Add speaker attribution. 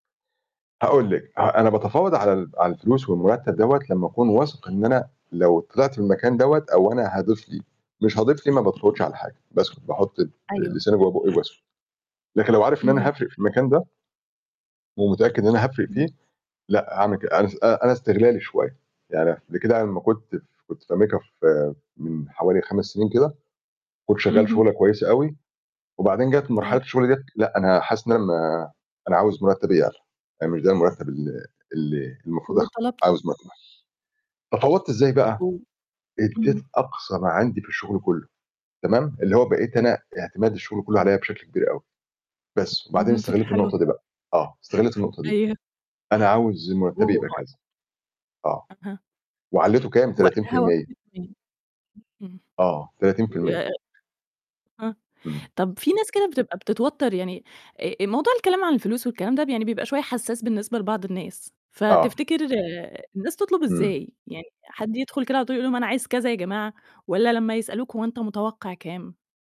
Speaker 1: هاقول لِك، أنا باتفاوض على
Speaker 2: [unintelligible]
Speaker 1: ال على الفلوس والمرتب دوّة لما أكون واثق، إن أنا لو طلعت من المكان دوّة أو أنا هاضيف ليه، مش هاضيف ليه ما باتفاوضش على حاجة. بس باحط ل
Speaker 2: أيوه.
Speaker 1: لساني جوّه بوقي وباسكت. لكن لو عارف إن أنا
Speaker 2: اهم.
Speaker 1: هافرق في المكان ده ومتأكد إن أنا هافرق
Speaker 2: اهم.
Speaker 1: فيه لأ، هاعمل كد أنا أنا استغلالي شوية، يعني قبل كده لما كنت كنت في أمريكا في من حوالي 5 سنين كده، كنت شغال شغله
Speaker 2: اهم.
Speaker 1: كويسة أوي، وبعدين جات
Speaker 2: آه.
Speaker 1: مرحلة الشغل ديّة لأ، أنا حاسس إن أنا م أنا عاوز مرتبي يعلى، آآ، مش ده المرتب ال اللي المفروض أخده،
Speaker 2: وطلبت ال
Speaker 1: عاوز مرتب أعلى. تفاوضت إزاي بقى،
Speaker 2: أو اهم.
Speaker 1: أدّيت أقصى ما عندي في الشغل كله، تمام؟ اللي هو بقيت أنا اعتماد الشغل كله
Speaker 2: آه.
Speaker 1: عليَّ بشكل كبير أوي. بس وبعدين
Speaker 2: اهم
Speaker 1: استغليت
Speaker 2: فكرة حلوة.
Speaker 1: النقطة دي بقى، آه استغليت النقطة دي.
Speaker 2: أيوه.
Speaker 1: أنا عاوز مرتبي يبقى كذا.
Speaker 2: [unintelligible]
Speaker 1: آه
Speaker 2: أها.
Speaker 1: وعليته كام، تلاتين في
Speaker 2: وقتها
Speaker 1: المِيّة
Speaker 2: وافقوا إزاي؟ امم،
Speaker 1: آه، 30%
Speaker 2: ياه! آه
Speaker 1: إمم.
Speaker 2: طب في ناس كده بتبقى بتتوتر يعني ا الموضوع الكلام عن الفلوس والكلام ده يعني بيبقى شوية حساس بالنسبة لبعض الناس،
Speaker 1: آه.
Speaker 2: فتفتكر الناس تطلب
Speaker 1: امم.
Speaker 2: إزاي؟ يعني حد يدخل كده على طول يقول لهم أنا عايز كذا يا جماعة والّا لما يسألوك هو أنت متوقع كام؟